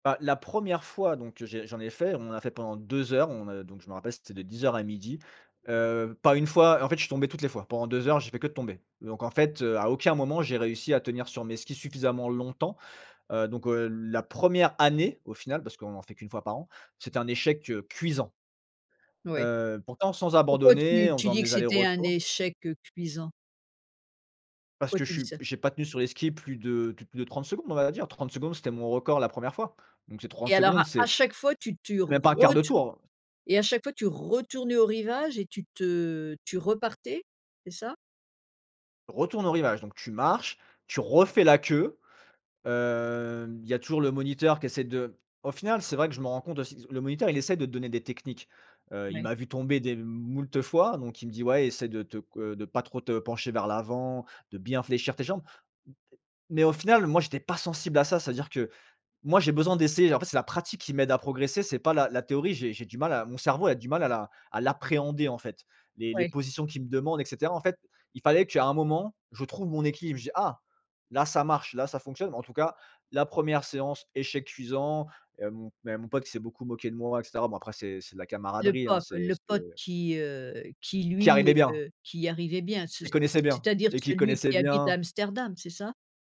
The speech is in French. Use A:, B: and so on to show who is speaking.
A: Bah, la 1re fois donc j'ai j'en ai fait. On en a fait pendant 2 heures, on, heu, donc je me rappelle c'était de 10:00 à 12:00, heu, pas 1 fois en fait, je suis tombé toutes les fois. Pendant 2 heures, j'ai fait que de tomber donc en fait, heu, à aucun moment j'ai réussi à tenir sur mes skis suffisamment longtemps, heu, donc, heu, l la 1re année au final, parce qu'on en fait qu'1 fois par an, c'était un échec, heu, cuisant.
B: Oui.
A: Heu, pourtant sans
B: Pourquoi
A: abandonner,
B: tu
A: en
B: tu
A: faisant
B: dis que
A: mes
B: c'était un
A: allers-retours.
B: échec, heu, cuisant?
A: Parce
B: Pourquoi
A: que je
B: tu dis
A: suis
B: ça?
A: j'ai pas tenu sur les skis plus de plus plus de 30 secondes, on va dire. 30 secondes, c'était mon record la 1re fois. Donc, ces 30
B: Et alors à
A: secondes, c'est
B: à chaque fois, tu tu
A: même pas 1/4 de
B: retournes
A: tour.
B: et à chaque fois tu retournais au rivage et tu te tu repartais? C'est ça?
A: Retourne au rivage donc tu marches, tu refais la queue, hem, il y a toujours le moniteur qui essaie de au final, c'est vrai que je me rends compte aussi disons, le moniteur, il essaie de te donner des techniques, heu, il
B: Mouais.
A: m'a vu tomber des m moult fois, donc il me dit: «Ouais essaie de te c heu, de pas trop te pencher vers l'avant, de bien fléchir tes jambes». M et mais au final, moi j'étais pas sensible à ça, c'est-à-dire que, moi, j'ai besoin d'essayer, en fait, c'est la pratique qui m'aide à progresser, c'est pas la la théorie. J'ai j'ai du mal à mon cerveau a du mal à la à l'appréhender, en fait. Les les
B: Ouais.
A: positions qu'il me demande et cetera. En fait, il fallait qu'à un moment, je trouve mon équilibre. Je dis: «Ah! Là ça marche, là ça fonctionne!» Bon, en tout cas, la 1re séance, échec cuisant, hem, mon ben, mon pote qui s'est beaucoup moqué de moi et cetera. Bon, après, c'est c'est de la
B: Le
A: camaraderie, hein,
B: pote
A: c'est
B: le
A: c'est
B: pote qui, heu, qui
A: Qui arrivait
B: lui,
A: bien.
B: heu, qui y arrivait bien. Ce
A: Il
B: c c
A: connaissait bien
B: c'est-à-dire
A: et qui
B: celui
A: connaissait
B: qui habite à
A: bien.
B: Amsterdam, c'est ça?